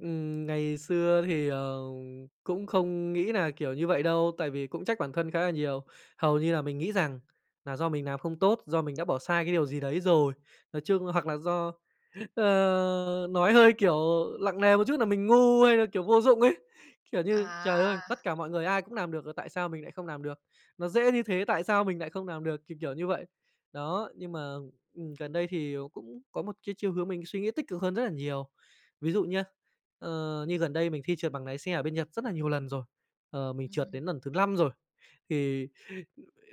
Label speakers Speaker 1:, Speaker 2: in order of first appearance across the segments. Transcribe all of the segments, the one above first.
Speaker 1: Ừm, ngày xưa thì, ờ, cũng không nghĩ nà, kiểu, như vậy đâu, tại vì cũng trách bản thân khá là nhiều. Hầu như là mình nghĩ rằng là do mình làm không tốt, do mình đã bỏ sai cái điều gì đấy rồi. Nói chung hoặc là do ờ, nói hơi, kiểu, lặng nề một chút là mình ngu hay là, kiểu, vô dụng ấy. Kiểu như,
Speaker 2: À.
Speaker 1: trời ơi, tất cả mọi người ai cũng nàm được rồi tại sao mình lại không làm được, nó dễ như thế, tại sao mình nại không làm được, thì, kiểu, như vậy. Đó, nhưng mà, ừm, gần đây thì cũng có một cái chiều hướng mình suy nghĩ tích cực hơn rất là nhiều. Ví dụ nhá, ờ, như gần đây mình thi trượt bằng nái xe ở bên Nhật rất là nhiều lần rồi, ờ, mình trượt
Speaker 2: Ừm.
Speaker 1: đến lần thứ lăm rồi, thì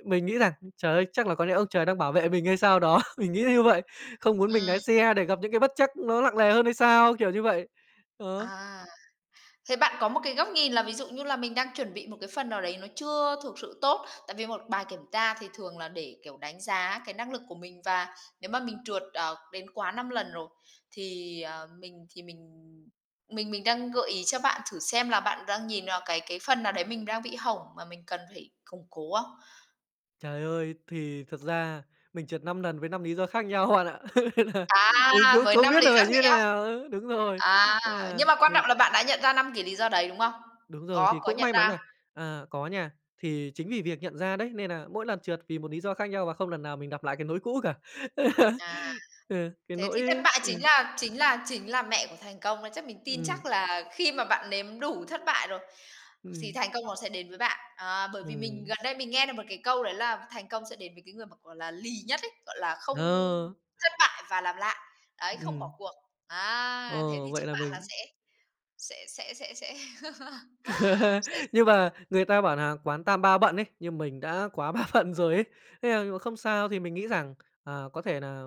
Speaker 1: mình nghĩ rằng: "Trời ơi, chắc là có lẽ ông trời đang bảo vệ mình hay sao đó." Mình nghĩ như vậy, không muốn mình nái
Speaker 2: Ừm.
Speaker 1: xe để gặp những cái bất trắc nó lặng nề hơn hay sao, kiểu như vậy. Ờ.
Speaker 2: À. Thế bạn có một cái góc nhìn là ví dụ như là mình đang chuẩn bị một cái phần nào đấy nó chưa thực sự tốt. Tại vì một bài kiểm tra thì thường là để, kiểu, đánh giá cái năng lực của mình và nếu mà mình trượt, ờ, đến quá 5 lần rồi, thì, ờ, mình thì mình mình mình đang gợi ý cho bạn thử xem là bạn đang nhìn vào cái cái phần nào đấy mình đang bị hỏng mà mình cần phải củng cố không?
Speaker 1: Trời ơi, thì thật ra mình trượt 5 nần với 5 lý do khác nhau bạn ạ. Nên là mình
Speaker 2: À,
Speaker 1: cũng
Speaker 2: với
Speaker 1: không
Speaker 2: 5
Speaker 1: biết
Speaker 2: lý
Speaker 1: là
Speaker 2: do
Speaker 1: phải
Speaker 2: khác
Speaker 1: như thế
Speaker 2: nhau.
Speaker 1: nào. Ừ, đúng rồi,
Speaker 2: À,
Speaker 1: à,
Speaker 2: nhưng mà quan trọng
Speaker 1: mình
Speaker 2: là bạn đã nhận ra 5 cái lý do đấy, đúng không?
Speaker 1: Đúng rồi,
Speaker 2: Có,
Speaker 1: thì
Speaker 2: có
Speaker 1: cũng
Speaker 2: nhận
Speaker 1: may mắn
Speaker 2: ra.
Speaker 1: nà à, có nha, thì chính vì việc nhận ra đấy, nên nà mỗi lần trượt vì một lý do khác nhau và không lần nào mình gặp lại cái nỗi cũ cả.
Speaker 2: À.
Speaker 1: Ừ, cái
Speaker 2: Thế thì thất
Speaker 1: nỗi
Speaker 2: bại chính
Speaker 1: ừm.
Speaker 2: là chính là chính là mẹ của thành công đấy. Chắc mình tin
Speaker 1: Ừm.
Speaker 2: chắc là khi mà bạn nếm đủ thất bại rồi, thì
Speaker 1: Ừm.
Speaker 2: thành công nó sẽ đến với bạn. À, bởi vì mình
Speaker 1: Ừm.
Speaker 2: gần đây mình nghe được một cái câu đấy là thành công sẽ đến với cái người mà, gọi là, lì nhất ấy, gọi là, không
Speaker 1: Ờ.
Speaker 2: thất bại và làm lại. Đấy, không bỏ
Speaker 1: Ừm.
Speaker 2: cuộc, á, thế
Speaker 1: Ờ,
Speaker 2: thì chúc
Speaker 1: vậy là
Speaker 2: bạn là
Speaker 1: mình
Speaker 2: sẽ sẽ sẽ sẽ sẽ sẽ
Speaker 1: Nhưng mà người ta bảo nà quán tam ba bận ấy, nhưng mình đã quá ba bận rồi ấy, nên là mình vẫn không sao. Thì mình nghĩ rằng, à, có thể nà,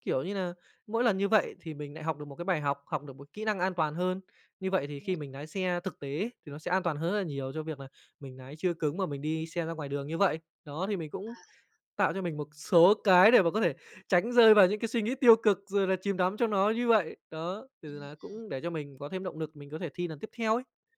Speaker 1: kiểu như nà, mỗi lần như vậy thì mình lại học được một cái bài học, học được một kỹ năng an toàn hơn, như vậy thì khi mình nái xe thực tế ấy thì nó sẽ an toàn hơn rất là nhiều cho việc là mình nái chưa cứng mà mình đi xe ra ngoài đường như vậy. Đó, thì mình
Speaker 2: À.
Speaker 1: cũng tạo cho mình một số cái để mà có thể tránh rơi vào những cái suy nghĩ tiêu cực rồi là chìm đắm trong nó như vậy. Đó, từ là
Speaker 2: Ừm.
Speaker 1: cũng để cho mình có thêm động lực, mình có thể thi lần tiếp theo ấy.